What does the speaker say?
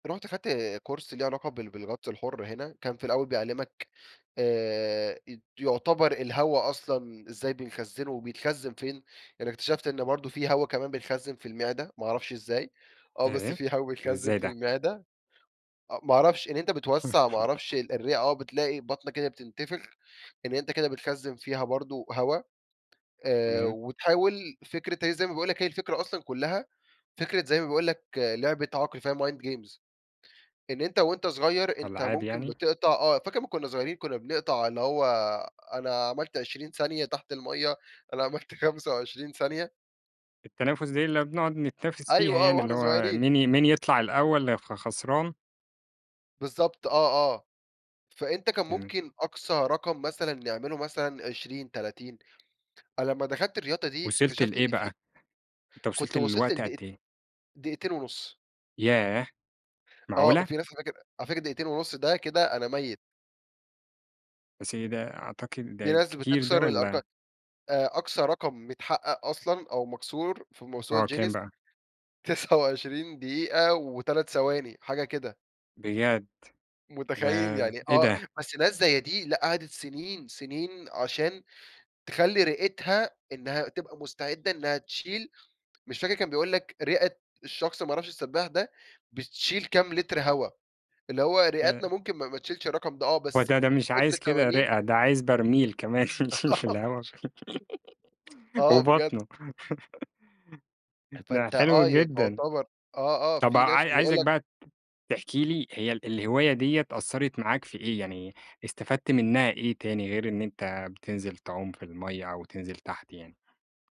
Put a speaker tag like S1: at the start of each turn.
S1: رُحت خدت كورس ليه علاقة بال بالغطس الحر هنا، كان في الأول بيعلمك آآ، أت يعتبر الهوا أصلًا إزاي بنخزنه وبيتخزن فين، يعني اكتشفت إن برضو في هوا كمان بنخزن في المعدة، ما أعرفش إزاي، آه، بس
S2: آآ،
S1: في هوا
S2: ده
S1: بيتخزن
S2: إزاي
S1: في
S2: ده؟!
S1: المعدة، أ ما أعرفش، إن أنت بتوسع ما أعرفش الرئة آه، بتلاقي بطنك كده بتنتفخ، إن أنت كده بتخزن فيها برضو هوا، آآ،
S2: تمام.
S1: وتحاول فكرة هي زي ما باقول لك هي الفكرة أصلًا كلها، فكرة زي ما باقول لك لعبة عقل فيها mind games، إن أنت وأنت صغير أنت
S2: ألعاب
S1: ممكن
S2: يعني؟
S1: بِتِقطَع آه، فاكر لما كنا صغيرين كُنا بنقطع اللي هو أنا عملت 20 ثانية تحت المَيّة، أنا عملت 25 ثانية؟
S2: التنافس دي اللي بنقعد نتنافس فيها
S1: أيوه آه،
S2: يعني، اللي
S1: وإحنا
S2: هو
S1: صغيرين
S2: مين مين يطلع الأول، خ خسران.
S1: بالضبط، آه، آه. فأنت كان
S2: تمام.
S1: ممكن أقصى رقم مثلًا نعمله مثلًا 20، 30 أنا لما دخلت الرياضة دي
S2: وِصِلت
S1: اكتشفت
S2: لإيه
S1: إن
S2: بَقى؟
S1: في
S2: أنت
S1: كنت
S2: وِصَلت
S1: وصلت
S2: لوقت قد
S1: لدق
S2: إيه؟
S1: دقيقتين ونص.
S2: ياه!
S1: آه،
S2: معقولة؟!
S1: في ناس على فكرة على فكرة دقيقتين ونص ده كده أنا ميت.
S2: بس ده أعتقد
S1: في
S2: ده
S1: ناس
S2: كتير ده
S1: بتكسر الأرقام
S2: والّا
S1: آآ، أقصى رقم متحقق أصلًا أو مكسور في موسوعة
S2: آه، كام
S1: جينيس
S2: بَقى؟
S1: 29 دقيقة و3 ثواني، حاجة كده.
S2: بجد؟! ده
S1: متخيل؟ يعني
S2: إيه
S1: آه،
S2: ده؟
S1: بس ناس زي دي، لأ، قَعَدِت سنين سنين عشان تخلي رئتها إنها تبقى مستعدة إنها تشيل مش فاكر كان بيقول لك رئة الشخص ما أعرفش السباح ده، بتشيل كام لتر هوا، اللي هو
S2: ده
S1: رئتنا ممكن ما ما تشيلش الرقم ده آه،
S2: هو
S1: بس
S2: ده ده
S1: من
S2: مش
S1: كتر
S2: عايز كده
S1: التمارين
S2: رئة، ده عايز برميل كمان،
S1: آه.
S2: اللي هو
S1: آه، بجد.
S2: وبطنه. ده
S1: فأنت آه،
S2: حلو
S1: ي
S2: جدًا.
S1: تعتبر آه، آه،
S2: طب ع
S1: في ناس بيقول
S2: عايزك
S1: لك
S2: بَقى تحكي لي هي ال الهواية ديّة أثرِت معاك في إيه؟ يعني استفدت منها إيه تاني، غير إن أنت بتنزل تعوم في المَيّة أو تنزل تحت يعني؟